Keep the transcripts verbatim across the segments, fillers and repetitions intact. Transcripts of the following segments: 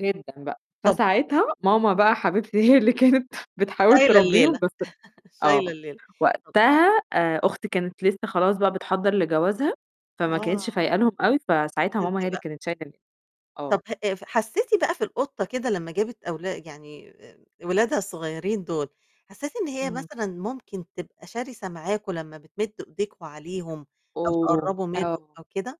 جدًا بقى. طَب فساعتها امم. ماما بقى حبيبتي هي اللي كانت بتحاول شايلة تربّيهم، الليلة، بس شايل آه، الليلة. وقتها آآ، أختي كانت لسّه خلاص بقى بتحضّر لجوازها فما كانتش آه. فايق لهم أوي، فساعتها انتِ ماما هي اللي بقى. كانت [unintelligible] ال آه. طَب ه ف حسّيتِ بقى في القطة كده لمّا جابت أولا يعني آآ، أولادها الصغيّرين دُول، حسّيتِ إن هي إمم. مثلًا ممكن تبقى شرسة معاكم لمّا بتمد إيديكم عليهم أو أوه! تقرّبوا منهم آه. أو كده؟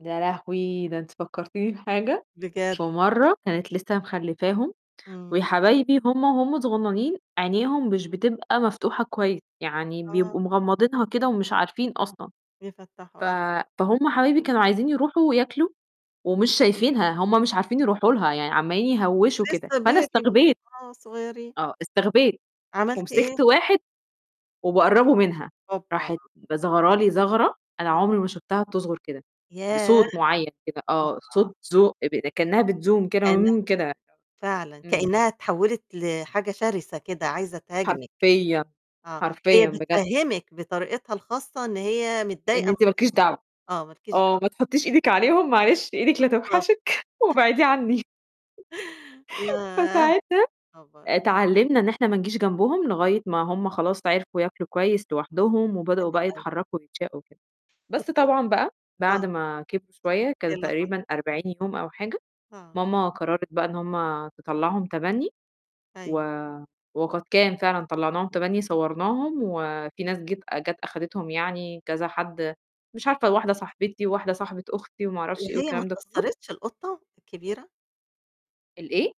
يا لهوي! ده أنتِ فكّرتيني بحاجة، بجد؟ فمرة كانت لسّه مخلّفاهم إمم. وياحبايبي وهُم وهم صغنانين عينيهم مش بتبقى مفتوحة كويس، يعني آه. بيبقوا مغمّضينها كده ومش عارفين أصلًا. بيفتّحوا ف آه. فهُم حبايبي كانوا عايزين يروحوا وياكلوا ومش شايفينها، هم مش عارفين يروحوا لها، يعني عَمّالين يهوّشوا كده، لسّه فأنا baby م استغبيت. آه، صغيرين. آه، استغبيت عملتِ إيه؟ ومسكت واحد وباقرّبه منها، أوبّا! راحت ب ظَغرة لي ظَغرة أنا عمري ما شُفتها بتظغر كده، ياه! بصوت معيّن كده آه، صوت زو اب كإنّها بتزوم كإنّها كده بتزوم كده. فعلًا، إمم. كإنّها اتحوّلت لحاجة شرسة كده ،عايزة تهاجمِك. حرفيًا، آه، هي حرفيًا بجد. بتفهِّمِك بطريقتها الخاصة إن هي إن متضايقة من أنتِ مالكيش تصرفاتك دعوة، آه، مالكيش آه، دعوة. ما تحُطّيش إيدِك عليهم معلش إيدك بالضبط. لتوحشِك وابعديه عنّي. ياه فساعتها خبر! اتعلّمنا إن إحنا ما نيجيش جنبهم لغاية ما هم خلاص عرفوا ياكلوا كويس لوحدهم وبدؤوا حلو بقى أوي. يتحرّكوا ويتشاقوا وكده، بس تفت طبعًا بقى بعد آه. ما كبروا شوية إيه كان اللي حصل؟ تقريبًا أربعين يوم أو حاجة، آه. ماما قرّرت بقى إن هم تطلّعهم تَبَنّي، و أيوه. وقد كان فعلًا طلّعناهم تَبَنّي صوّرناهم وفي ناس جيت جات أخدتهم يعني كذا حد، مش عارفة واحدة صاحبتي وواحدة صاحبة أختي وما أعرفش إيه وهي ما والكلام ده كلّه. اتاثّرتش القطة الكبيرة؟ ال إيه؟